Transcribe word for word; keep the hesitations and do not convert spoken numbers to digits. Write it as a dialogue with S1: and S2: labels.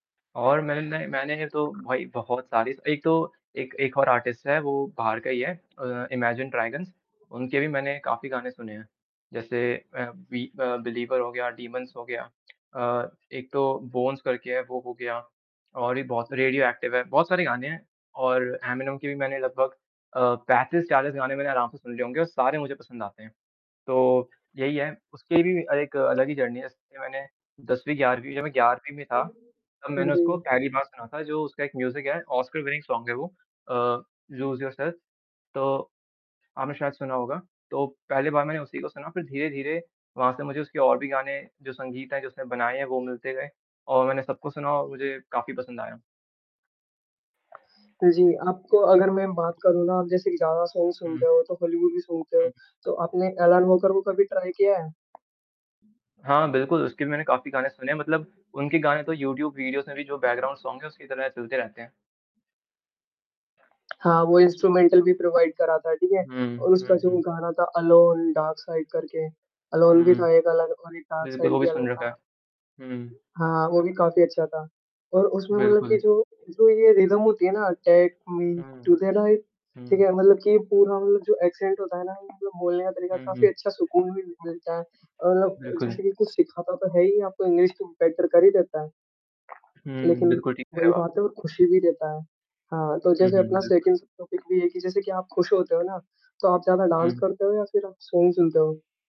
S1: और मैंने ना मैंने तो भाई बहुत सारी एक तो एक एक और आर्टिस्ट है वो बाहर का ही है अ, इमैजिन ड्रैगन्स उनके भी मैंने काफ़ी गाने सुने हैं। जैसे अ, बि अ, बिलीवर हो गया डिमन्स हो गया। अ एक तो बोन्स करके है वो हो गया और भी बहुत सारे रेडियोएक्टिव है बहुत सारे गाने हैं और एमिनेम के भी मैंने लगभग अ, पैंतीस चालीस गाने मैंने आराम से सुन लिए होंगे और सारे मुझे पसंद आते हैं। तो यही है उसकी भी एक अलग ही जर्नी है इसके मैंने दसवीं ग्यारहवीं जब मैं ग्यारहवीं में था।
S2: हुँ।
S1: तब
S2: हुँ,
S1: मैंने उसको
S2: जी।
S1: पहली बार सुना था जो उसका एक म्यूजिक है ओस्कार विनिंग सोंग है वो अ, लूज़ योरसेल्फ तो आपने शायद सुना होगा। तो पहली बार मैंने उसी को सुना फिर धीरे-धीरे वहाँ से मुझे उसके और भी गाने जो संगीत है, जो उसने बनाए हैं वो मिलते गए और मैंने सबको सुना और मुझे काफ़ी पसंद आया।
S2: हुँ, जी, आपको अगर मैं बात करूँ ना आप जैसे ज़्यादा सॉन्ग्स
S1: हुँ।
S2: सुनते हो तो हॉलीवुड भी सुनते हो।
S1: हुँ।
S2: तो आपने एलन वॉकर को कभी ट्राई किया है?
S1: हाँ, बिल्कुल उसके भी मैंने काफ़ी गाने सुने हैं मतलब उनके गाने तो यूट्यूब वीडियोज़ में भी जो बैकग्राउंड सोंग्स है उसकी तरह चलते रहते हैं।
S2: हाँ, वो इंस्ट्रूमेंटल भी प्रोवाइड करा था, ठीक है?
S1: हुँ,
S2: और उसका
S1: हुँ,
S2: जो
S1: हुँ।
S2: गाना था एलोन, डार्क साइड करके, एलोन भी
S1: हुँ।
S2: था एक अलग और एक डार्क
S1: बिल्कुल वो
S2: साइड
S1: भी
S2: भी अलग
S1: सुन रखा
S2: था।
S1: है। हुँ।
S2: हाँ, वो भी काफ़ी अच्छा था और उसमे भी मतलब
S1: बिल्कुल।
S2: जो है, जो ये रिदम होती है ना टाइप उम्म,
S1: हुँ।
S2: ठीक है ना एक ठीक
S1: हुँ।
S2: है मतलब कि पूर्ण रूप से एक्सेंट होता है ना बोलने का तरीका
S1: हुँ,
S2: काफ़ी
S1: हुँ।
S2: अच्छा सुकून भी मिल मिलता है। अ, मतलब
S1: बिल्कुल।
S2: जैसे कि कुछ सिखाता तो है ही आपको इंग्लिश तो बेटर कर ही देता है।
S1: हुँ,
S2: लेकिन
S1: बिल्कुल ठीक कह रहे
S2: वही
S1: हो आप।
S2: बात है खुशी भी देता है। हाँ तो
S1: हुँ,
S2: जैसे
S1: हुँ
S2: अपना
S1: बिल्कुल।
S2: सेकंड टॉपिक भी है कि जैसे कि आप खुश होते हो ना तो आप ज़्यादा डांस
S1: हुँ।
S2: करते हो या फिर आप सॉन्ग सुनते हो?